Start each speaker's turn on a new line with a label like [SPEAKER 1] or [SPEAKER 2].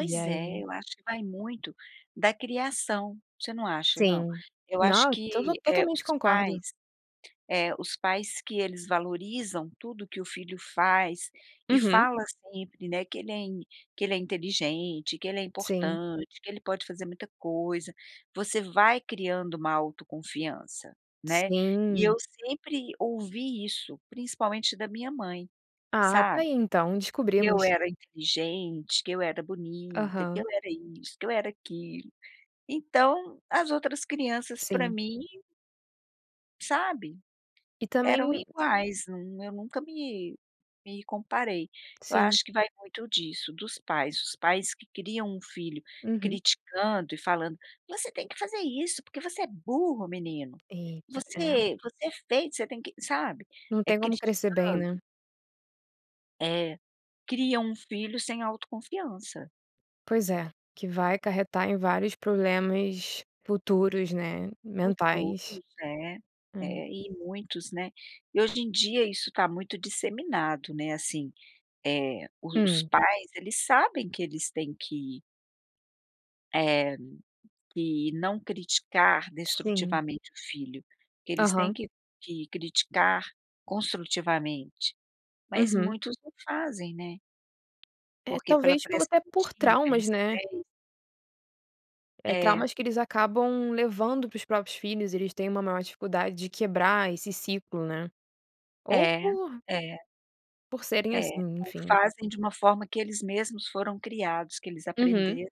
[SPEAKER 1] E
[SPEAKER 2] é,
[SPEAKER 1] aí?
[SPEAKER 2] eu acho que vai muito da criação. Você não acha, não?
[SPEAKER 1] Sim.
[SPEAKER 2] Eu acho
[SPEAKER 1] Não, to d
[SPEAKER 2] que, eh,
[SPEAKER 1] totalmente
[SPEAKER 2] os pais,
[SPEAKER 1] concordo.
[SPEAKER 2] eh, os pais que eles valorizam tudo o que o filho faz e
[SPEAKER 1] Uhum.
[SPEAKER 2] fala sempre, né, que ele é in que ele é inteligente, que ele é
[SPEAKER 1] Sim.
[SPEAKER 2] importante, que ele pode fazer muita coisa; você vai criando uma autoconfiança, né. E eu
[SPEAKER 1] Sim.
[SPEAKER 2] sempre ouvi isso, principalmente da minha mãe,
[SPEAKER 1] Ah, tá
[SPEAKER 2] sabe.
[SPEAKER 1] aí, então,
[SPEAKER 2] Que eu
[SPEAKER 1] descobrimos.
[SPEAKER 2] era inteligente, que eu era bonita, que eu
[SPEAKER 1] Aham.
[SPEAKER 2] era isso, que eu era aquilo. Então, as outras crianças, pra
[SPEAKER 1] Sim.
[SPEAKER 2] mim sabe,
[SPEAKER 1] E
[SPEAKER 2] eram
[SPEAKER 1] também
[SPEAKER 2] iguais, nun eu nunca me me comparei. Eu
[SPEAKER 1] Sim.
[SPEAKER 2] acho que vai muito disso, dos pais. Os pais que criam um filho
[SPEAKER 1] Uhum.
[SPEAKER 2] criticando e falando: "Você tem que fazer isso porque você é burro, menino.
[SPEAKER 1] Eita, é.
[SPEAKER 2] Você você é feio você tem que", sabe.
[SPEAKER 1] Não
[SPEAKER 2] Eh,
[SPEAKER 1] tem como crescer bem,
[SPEAKER 2] criticando
[SPEAKER 1] né.
[SPEAKER 2] É. Cria um filho sem autoconfiança.
[SPEAKER 1] Pois é. Que vai acarretar em vários problemas futuros, né,
[SPEAKER 2] Futuros,
[SPEAKER 1] mentais.
[SPEAKER 2] né. É,
[SPEAKER 1] Hã.
[SPEAKER 2] e muitos, né. E hoje em dia isso tá muito disseminado, né, assim, eh, os os
[SPEAKER 1] Hum.
[SPEAKER 2] pais, eles sabem que eles têm que eh, que não criticar
[SPEAKER 1] Sim.
[SPEAKER 2] destrutivamente o filho. Que eles têm
[SPEAKER 1] Aham.
[SPEAKER 2] que que criticar construtivamente. Mas,
[SPEAKER 1] Uhum.
[SPEAKER 2] muitos não fazem, né.
[SPEAKER 1] Eh,
[SPEAKER 2] Porque pela
[SPEAKER 1] talvez por
[SPEAKER 2] pressão
[SPEAKER 1] até
[SPEAKER 2] do
[SPEAKER 1] por
[SPEAKER 2] dia, que
[SPEAKER 1] traumas,
[SPEAKER 2] eles
[SPEAKER 1] né.
[SPEAKER 2] têm
[SPEAKER 1] Eh,
[SPEAKER 2] É.
[SPEAKER 1] traumas que eles acabam levando para os próprios filhos, eles têm uma maior dificuldade de quebrar esse ciclo, né. Ou
[SPEAKER 2] É.
[SPEAKER 1] por
[SPEAKER 2] É.
[SPEAKER 1] por serem
[SPEAKER 2] É.
[SPEAKER 1] assim,
[SPEAKER 2] Ou
[SPEAKER 1] enfim.
[SPEAKER 2] fazem de uma forma que eles mesmos foram criados, que eles
[SPEAKER 1] Uhum.
[SPEAKER 2] aprenderam.